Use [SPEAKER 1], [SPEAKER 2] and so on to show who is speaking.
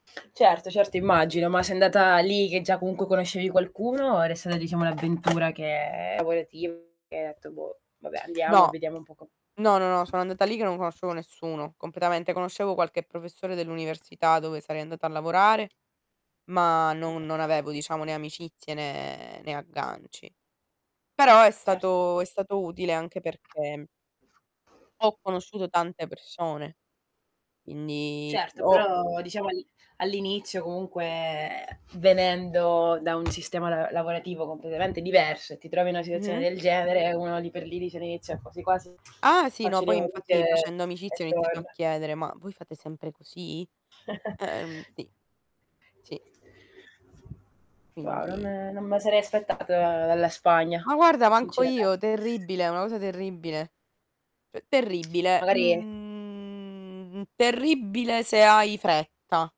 [SPEAKER 1] Certo, certo, immagino, ma sei andata lì che già comunque conoscevi qualcuno, era stata diciamo l'avventura che lavorativa che hai detto: "Boh, vabbè andiamo e
[SPEAKER 2] No,
[SPEAKER 1] vediamo un po co"
[SPEAKER 2] no, no, no, sono andata lì che non conoscevo nessuno, completamente. Conoscevo qualche professore dell'università dove sarei andata a lavorare, ma non
[SPEAKER 1] Oka
[SPEAKER 2] non avevo diciamo, né amicizie né né agganci. Però è
[SPEAKER 1] Certo.
[SPEAKER 2] stato è stato utile, anche perché ho conosciuto tante persone, quindi
[SPEAKER 1] Certo,
[SPEAKER 2] ho
[SPEAKER 1] però diciamo al all'inizio comunque, ehm, venendo da un sistema la lavorativo completamente diverso e ti trovi una situazione
[SPEAKER 2] Mh-mh.
[SPEAKER 1] del genere, uno lì per lì dice all'inizio: "Quasi quasi
[SPEAKER 2] Ah sì,
[SPEAKER 1] faccio
[SPEAKER 2] no,
[SPEAKER 1] le
[SPEAKER 2] poi infatti
[SPEAKER 1] valigie"
[SPEAKER 2] facendo
[SPEAKER 1] e
[SPEAKER 2] amicizia ho iniziato a
[SPEAKER 1] torna.
[SPEAKER 2] chiedere: "Ma voi fate sempre così?" Ehm, sì, sì.
[SPEAKER 1] No, non
[SPEAKER 2] Quindi
[SPEAKER 1] non me la sarei aspettata dalla Spagna,
[SPEAKER 2] Ma guarda manco
[SPEAKER 1] sinceramente.
[SPEAKER 2] io, terribile, una cosa terribile. C terribile.
[SPEAKER 1] Magari
[SPEAKER 2] Mhmm, terribile se hai fretta.